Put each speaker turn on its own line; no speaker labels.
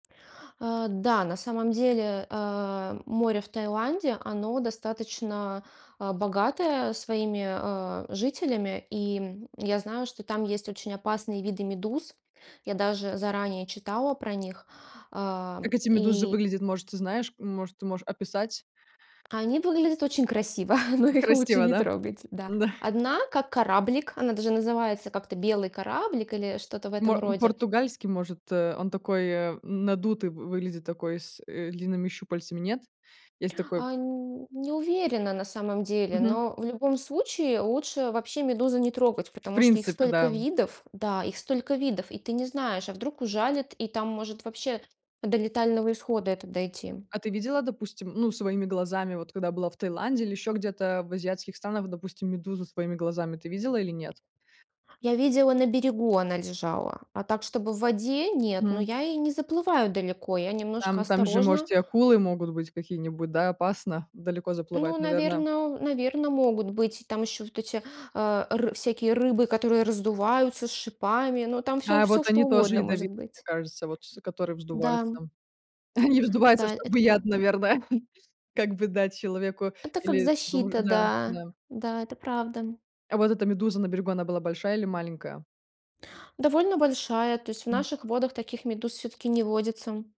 Э, да, на самом деле, э, море в Таиланде, оно достаточно, а, богатое своими, э, жителями, и, м, я знаю, что там есть очень опасные виды медуз. Я даже заранее читала про них, а, м,
Как эти медузы
и
выглядят, может ты знаешь? Может ты можешь описать.
они выглядят очень красиво, но их лучше
Красиво,
не
да?
трогать, да.
Да.
Одна как кораблик, она даже называется как-то "белый кораблик" или что-то в
Мо
этом роде.
португальский, может? Э, он такой надутый вы выглядит, такой с, э, длинными щупальцами, нет? Есть такой
А нь не уверена на самом деле,
Мгм.
но в любом случае лучше вообще медузы не трогать,
В
потому что их
принципе да,
столько
м.
видов, да, их столько видов, и ты не знаешь, а вдруг ужалит, и там может вообще до летального исхода это дойти.
А ты видела, допустим, ну своими глазами, вот когда была в Таиланде или ещё где-то в азиатских странах, допустим, медузу своими глазами ты видела или нет?
Я видела на берегу она лежала, а так, чтобы в воде- нет, но
М.
я и не заплываю далеко, я немножко
Там, там же
осторожна.
может и акулы могут быть какие-нибудь, да, опасно далеко
Ну,
заплывать, наверно.
наверно, наверно, могут быть там еще вот эти, э, р всякие рыбы, которые раздуваются с шипами, но там всё,
А вот
всё, что
они тоже
угодно может
ядовитые, мне
быть.
кажется, вот с которые
Да,
вздуваются.
м.
Они вздуваются,
Да, это
чтобы яд,
правда.
наверное, как бы дать человеку
Это как
или дру
защита,
да,
да.
да.
Да, это правда.
А вот эта медуза на берегу она была большая или маленькая?
Довольно большая, то есть в
М.
наших водах таких медуз всё-таки не водится.